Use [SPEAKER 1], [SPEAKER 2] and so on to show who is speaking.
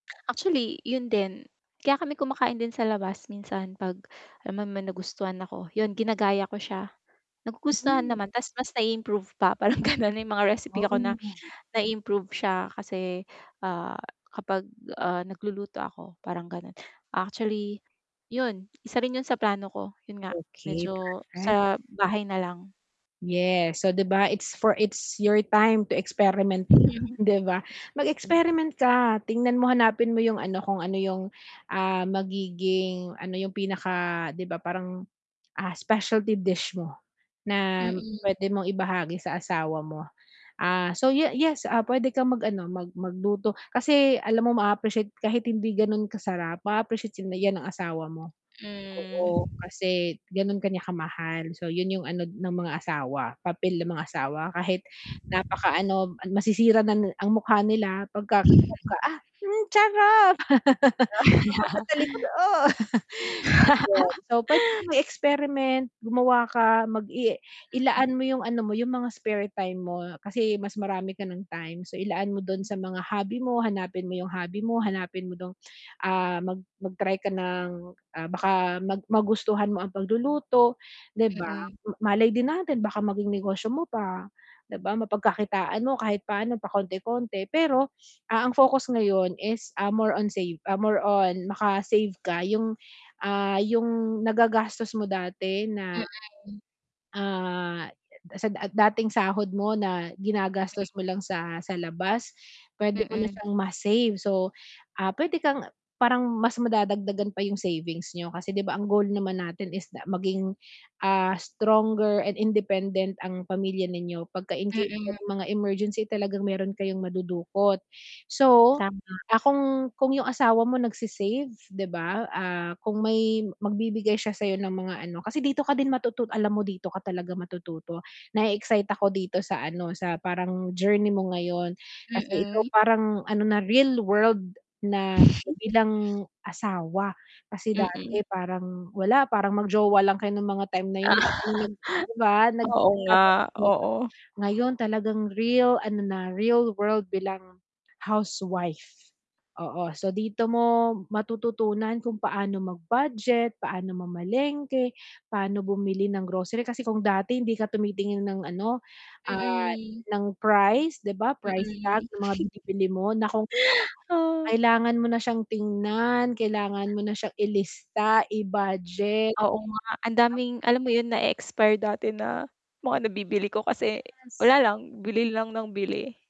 [SPEAKER 1] Actually, yun din. Kaya kami kumakain din sa labas minsan 'pag alam mo naman may nagustuhan ako, yun ginagaya ko siya. Nagugustuhan
[SPEAKER 2] Mm.
[SPEAKER 1] naman ta's mas nai-improve pa parang ganun. May mga recipe ako na
[SPEAKER 2] Oh.
[SPEAKER 1] nai-improve siya kasi, ah, kapag, ah, nagluluto ako, parang gano'n. Actually, yun isa rin yun sa plano ko, yun nga
[SPEAKER 2] Okey,
[SPEAKER 1] medyo
[SPEAKER 2] perfect.
[SPEAKER 1] sa bahay na lang.
[SPEAKER 2] Yes. So, 'di ba it's for it's your time to experiment
[SPEAKER 1] Mhm.
[SPEAKER 2] na 'di ba?
[SPEAKER 1] Mm.
[SPEAKER 2] Mag-experiment ka, tingnan mo hanapin mo yung ano, kung ano yung, ah, magiging ano yung pinaka 'di ba parang, ah, specialty dish mo na
[SPEAKER 1] Mm.
[SPEAKER 2] puwede mong ibahagi sa asawa mo. Ah, so ye yes, ah, puwede kang mag-ano, mag magluto kasi alam mo maa-appreciate kahit hindi ganun kasarap, maa-appreciate yun 'yan ng asawa mo.
[SPEAKER 1] Hmm.
[SPEAKER 2] Oo, kasi ganun ka niya kamahal. So, yun yung ano ng mga asawa, papel ng mga asawa. Kahit napaka ano, masisira na na ang mukha nila pag ka [unintelligible] ah, sarap. Pagkatalikod, oh [unintelligible] So, puwede kang mag-experiment, gumawa ka, mag-i
[SPEAKER 1] Mm.
[SPEAKER 2] ilaan mo yung ano mo, yung mga spare time mo kasi mas marami ka ng time. So, ilaan mo dun sa mga hobby mo, hanapin mo yung hobby mo, hanapin mo dun ah, mag mag-try ka ng, ah, baka mag magustuhan mo ang pagluluto, 'di ba?
[SPEAKER 1] Mm.
[SPEAKER 2] Malay din natin baka maging negosyo mo pa, 'di ba? Mapagkakitaan mo kahit paano, pakonti-konti. Pero, ah, ang focus ngayon is, ah, more on save ah, more on maka-save ka yung, ah, yung nagagastos mo dati na,
[SPEAKER 1] Mm.
[SPEAKER 2] ah, sa dat dating sahod mo na
[SPEAKER 1] M
[SPEAKER 2] ginagastos mo lang sa sa labas, puwede mo na
[SPEAKER 1] Mm.
[SPEAKER 2] siyang ma-save. So, ah, puwede kang parang mas madadagdagan pa yung savings niyo kasi 'di ba ang goal naman natin is na maging, ah, stronger and independent ang pamilya ninyo 'pag ka in case
[SPEAKER 1] Mm.
[SPEAKER 2] merong mga emergency talagang meron kayong madudukot. So,
[SPEAKER 1] Tama.
[SPEAKER 2] ah, kung kung yung asawa mo nagse-save 'di ba, ah, kung may magbibigay siya sa'yo ng mga ano kasi dito ka din matutut alam mo dito ka talaga matututo. Nae-excite ako dito sa ano, sa parang journey mo ngayon kasi ikaw
[SPEAKER 1] Mm.
[SPEAKER 2] parang ano na, real world na bilang asawa. Kasi
[SPEAKER 1] Mm.
[SPEAKER 2] dati parang wala, parang mag-jowa lang kayo nung mga time na yun [unintelligible] 'di ba?
[SPEAKER 1] Oo nga,
[SPEAKER 2] [unintelligible]
[SPEAKER 1] oo.
[SPEAKER 2] Ngayon talagang real ano na, real world bilang housewife. Oo. So, dito mo matututunan kung paano mag-budget, paano mamalengke, paano bumili ng grocery, kasi kung dati hindi ka tumitingin ng ano, ah,
[SPEAKER 1] Mm.
[SPEAKER 2] ng price 'di ba,
[SPEAKER 1] Mm.
[SPEAKER 2] price tag ng mga binibili mo naku,
[SPEAKER 1] Oh.
[SPEAKER 2] kailangan mo na siyang tingnan, kailangan mo na siyang ilista, i-budget.
[SPEAKER 1] Oo nga, ang daming alam mo yun na-expire dati na mga nabibili ko kasi
[SPEAKER 2] Yes.
[SPEAKER 1] wala lang, bili lang nang bili.